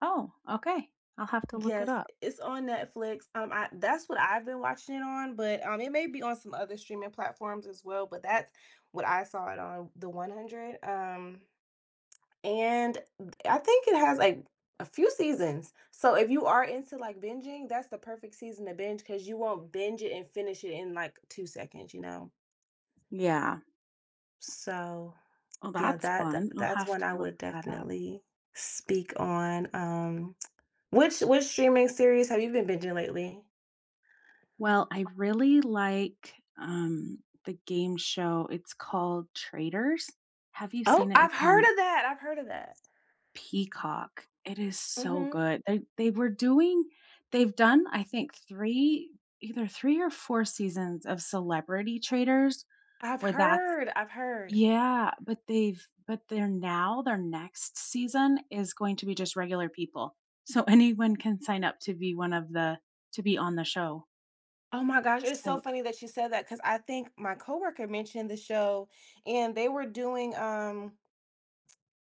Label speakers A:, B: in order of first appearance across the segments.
A: Oh, okay, I'll have to look it
B: Yes,
A: up.
B: it's on Netflix, um, I that's what I've been watching it on, but, um, it may be on some other streaming platforms as well, but that's what I saw it on The 100, um, and I think it has, like, a few seasons, so if you are into, like, binging, that's the perfect season to binge, 'cause you won't binge it and finish it in, like, 2 seconds, you know?
A: Yeah.
B: So,
A: Oh,
B: yeah,
A: that's
B: that th
A: fun, I'll
B: that's
A: have
B: one
A: to
B: I
A: look
B: would
A: that up.
B: definitely speak on, um, which which streaming series have you been binging lately?
A: Well, I really like, um, the game show, it's called Traitors. Have you
B: Oh,
A: seen it?
B: I've
A: It's
B: heard
A: on
B: of that! I've heard of that.
A: Peacock, it is so
B: Mhm.
A: good, they they were doing they've done, I think, 3 either 3 or 4 seasons of Celebrity Traitors,
B: I've
A: where that's
B: heard, I've heard.
A: yeah, but they've but they're now their next season is going to be just regular people, so anyone can sign up to be one of the to be on the show.
B: Oh my gosh, it's so
A: So
B: funny that you said that, 'cause I think my co-worker mentioned the show, and they were doing, um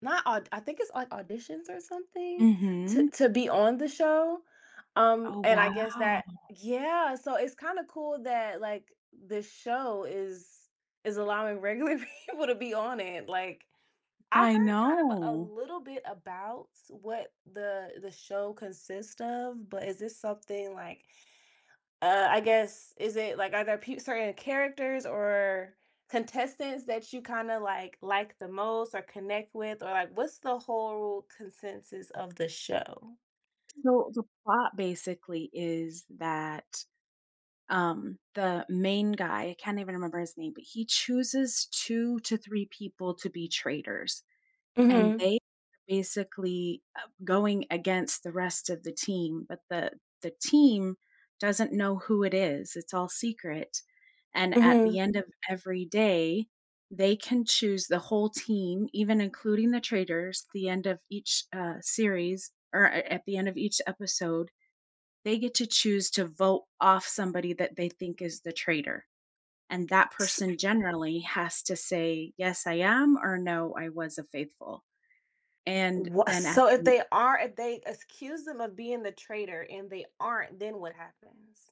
B: not au I think it's, like, auditions or something? To
A: Mhm.
B: to be on the show? Um,
A: Oh,
B: and I guess
A: wow.
B: that yeah, so it's kinda cool that, like, the show is is allowing regular people to be on it, like, I
A: I
B: heard kind of a
A: know.
B: little bit about what the the show consists of, but is this something like, uh, I guess, is it, like are there pe certain characters or contestants that you kinda, like, like the most or connect with? Or, like, what's the whole consensus of the show?
A: So the plot, basically, is that, um, the main guy I can't even remember his name, but he chooses 2 to 3 people to be traitors. And
B: Mhm.
A: they, basically, uh, going against the rest of the team, but the the team doesn't know who it is, it's all secret, and at the
B: Mhm.
A: end of every day, they can choose the whole team, even including the traitors, at the end of each, uh, series or, a at the end of each episode, they get to choose to vote off somebody that they think is the traitor. And that
B: S
A: person generally has to say, "Yes, I am," or "No, I was a faithful." And
B: Wha
A: then at
B: so if
A: the
B: they are if they accuse 'em of being the traitor and they aren't, then what happens?